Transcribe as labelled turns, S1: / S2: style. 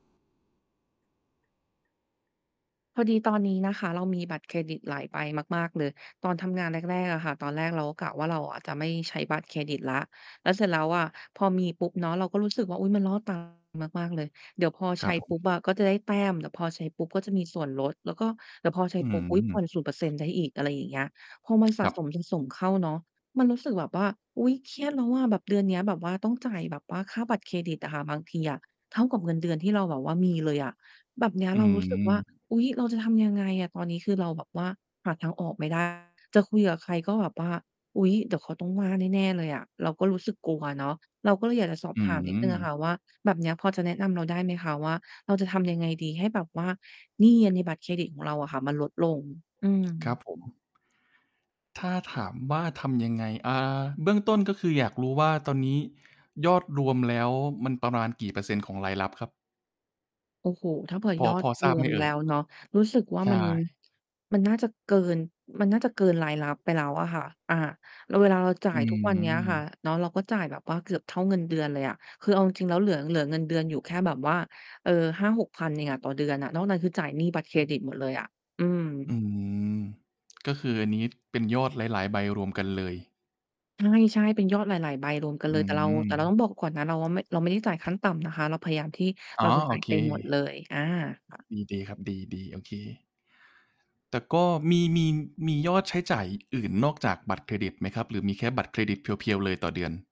S1: พอดีตอนนี้นะคะ เรามีบัตรเครดิตหลายใบมาก ๆ เลย ตอนทำงานแรก ๆ อะค่ะ ตอนแรกเราก็กะว่า เราอะจะไม่ใช้บัตรเครดิตแล้ว แล้วเสร็จแล้วอะ พอมีปุ๊บเนาะ เราก็รู้สึกว่า อุ๊ย มัน ล่อตา มาก ๆ เลย เดี๋ยวพอ
S2: ค
S1: ใ
S2: ร
S1: ช
S2: ั
S1: ้
S2: บผ
S1: ป
S2: ม
S1: ุ๊บอะ ก็จะได้แต้ม เดี๋ยวพอใช้ปุ๊บ ก็จะมีส่วนลด แล้วก็เดี๋ยวพอใช้
S2: อื
S1: ปุ๊บ อุ๊ย ผ่อ
S2: ม
S1: น 0% ได้อีก อะไรอย่างเงี้ย พอมันสะ
S2: ครับ
S1: สม ๆ เข้าเนาะ มันรู้สึกแบบว่า "อุ๊ย เครียดแล้วอะ" แบบเดือนเนี้ย แบบว่าต้องจ่ายแบบว่าค่าบัตรเครดิตอะค่ะ บางทีอะ เท่ากับเงินเดือนที่เราแบบว่ามีเลยอะ แบบเนี้ย
S2: อ
S1: เรารู้สึกว่า
S2: ืม
S1: "อุ๊ย เราจะทำยังไงอะ?" ตอนนี้คือเราแบบว่าหาทางออกไม่ ได้ จะคุยกับใคร ก็แบบว่า "อุ๊ย เดี๋ยวเขาต้องว่าแน่ ๆ เลยอะ" เราก็รู้สึกกลัวเนาะ เราก็เลยอยากจะสอบ
S2: อื
S1: ถามนิดหนึ่งอะค่
S2: ม
S1: ะว่า แบบเนี้ย พอจะแนะนำเราได้ไหมคะว่า เราจะทำยังไงดี ให้แบบว่าหนี้อะในบัตรเครดิตของเราอะค่ะมันลดลง? อื
S2: ครั
S1: ม
S2: บผม ถ้าถามว่าทำยังไง? อ่า เบื้องต้น ก็คืออยากรู้ว่าตอนนี้ยอดรวมแล้ว มันประมาณกี่เปอร์เซ็นต์ของรายรับครับ?
S1: โอ้โฮ ถ้าเผื่อ
S2: พ
S1: ย
S2: อ
S1: อด
S2: พอท
S1: ร
S2: ราบไ
S1: ว
S2: หม
S1: ม
S2: เอ
S1: แล
S2: ่
S1: ้
S2: ย?
S1: วเนาะ รู้สึ กว่า
S2: ใช
S1: มัน
S2: ่
S1: มันน่าจะเกิน มันน่าจะเกินรายรับไปแล้วอะค่ะ อา เวลาเราจ่า
S2: อื
S1: ยทุกวันเนี้ยค่ะ
S2: ม
S1: เนาะ เราก็จ่ายแบบว่าเกือบเท่าเงินเดือนเลยอะ คือเอาจริง ๆ แล้ว เหลือ เหลือเงินเดือนอยู่แค่แบบว่า เออ 5,000-6,000 เองอะ ต่อเดือนอะ นอกนั้นคือจ่ายหนี้บัตรเครดิตหมดเลยอะ อืม
S2: อืม ก็คืออันนี้เป็นยอดหลาย ๆ ใบรวมกันเลย
S1: ใช่ ๆ เป็นยอดหลาย ๆ ใบ รวมกัน
S2: อ
S1: เล
S2: ื
S1: ย แต่เรา แต่เราต
S2: ม
S1: ้องบอกก่อนนะ เราว่าไม่ เราไม่ได้จ่ายขั้นต่ำนะคะ เราพยายามที่
S2: อ๋อ
S1: เราจะ
S2: โอ
S1: จ่าย
S2: เ
S1: เต็มหมดเล
S2: ค
S1: ย อา ค่ะ
S2: อืม ดีครับ ดี ๆ โอเค แต่ก็ มี มี มียอดใช้จ่ายอย่างอื่น นอกจากบัตรเครดิตไหมครับ หรือมีแค่บัตรเครดิตเพียวร์ ๆ เลยต่อเดือน?